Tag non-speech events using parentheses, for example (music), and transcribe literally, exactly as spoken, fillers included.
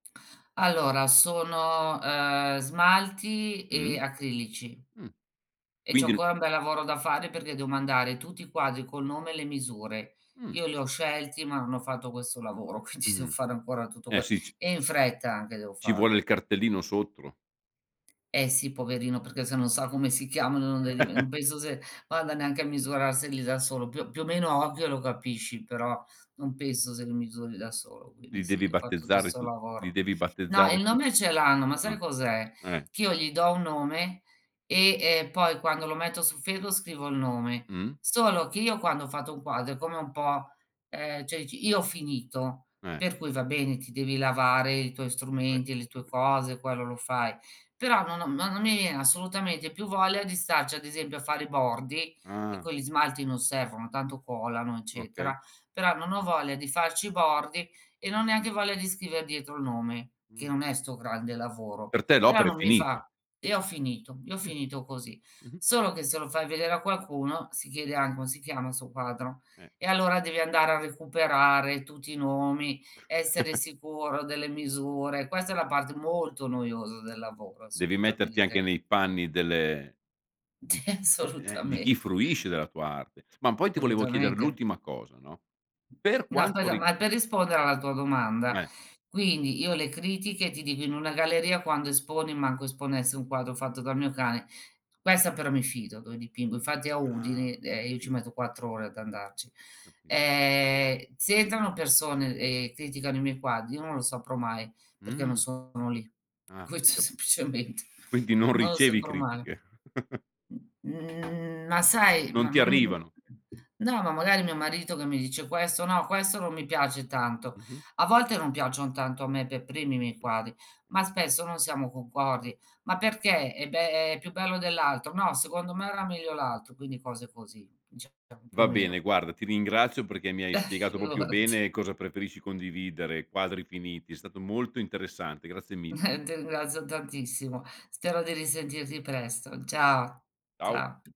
Allora, sono, uhm, smalti Mh. e acrilici. Mh. E c'ho Quindi ancora un bel lavoro da fare perché devo mandare tutti i quadri con nome e le misure. Mh. Io gli ho scelti ma non ho fatto questo lavoro quindi devo Mh. fare ancora tutto Eh, que sì, c e in fretta anche devo ci vuole farlo. il cartellino sottro. Eh, sì, poverino, perché se non sa come si chiamano non de li vi non (chuckles) penso se vada neanche a misurarseli da solo, più o più o meno a occhio lo capisci, però non penso se li misuri da solo, quindi, Li sì devi devo fa' tutto battezzare 'sto tu. Li lavoro. devi No, battezzare il tu. nome ce l'hanno, ma Ah. sai cos'è? Eh. T io gli do un nome e, ehm, poi quando lo metto su Facebook scrivo il nome. Mh. Solo che io quando ho fatto un quadro è come un po' ehm, ceh ci io ho finito, Eh. per cui va bene, ti devi lavare i tuoi vabè. strumenti, e le tue vbè. cose quello lo fai, però non ho ma non mi viene assolutamente più voglia di starci, ad esempio, a fare i bordi, che Ah. con gli smalti non servono tanto colano, Okay. eccetera, però non ho voglia di farci i bordi, e non ho neanche voglia di scriver dietro il nome, che Mh. non è 'sto grande lavoro. Per te Però, l'opera è non mi finita. fa e io ho finito, io ho Mh. finito così. Mh-mh. Solo che se lo fai vedere a qualcuno, si chiederà: "Come si chiama il suo quadro?" Eh. E allora devi andare a recuperare tutti i nomi, essere (chuckles) sicuro delle misure. Questa è la parte molto noiosa del lavoro Devi metterti anche assolutamente. nei panni delle di c Ti uhm, eh, di chi assolutamente. fruisce della tua arte. Ma poi ti volevo chiedere solutamente. l'ultima cosa, no, per No, quanto aspetta, ri ma è per rispondere alla tua M domanda, Eh. quindi, io le critiche, ti dico in una galleria, quando esponi, manco esponessi un quadro fatto dal mio cane questa però mi fido, dove dipingo, infatti è a Ah, Udini, ho ehm, io ci metto capito. quattro ore ad andarci. Capi Ehm, se entrano persone, e criticano i miei quadri, io non lo saprò mai perché non Mh. sono lì. Ah, ho Questo è, capi semplicement quindi non non lo ricevi saprò mai. critiche. (chuckles) Mhmm, ma sai Non ma ti ma, m mhmm arrivano. No, ma magari mio marito che mi dice: "Questo, no, questo non mi piace tanto." Mh-mh. A volte non piacciono tanto a me per primi i miei Mh. quadri, ma spesso non siamo concordi. "Ma perché?" "Eh, beh, è più bello dell'altro." "No, secondo me era meglio l'altro." Quindi cose così diciamo, più o Va bene, meno. guarda ti ringrazio perché mi hai Beh, spiegato popio figurati. bene cosa preferisci condividere, quadri finiti, è stato molto interessante. Grazie mille. Eh, ti ringrazio tantissimo. Spero di risentirti presto. Ciao, Ciao. cia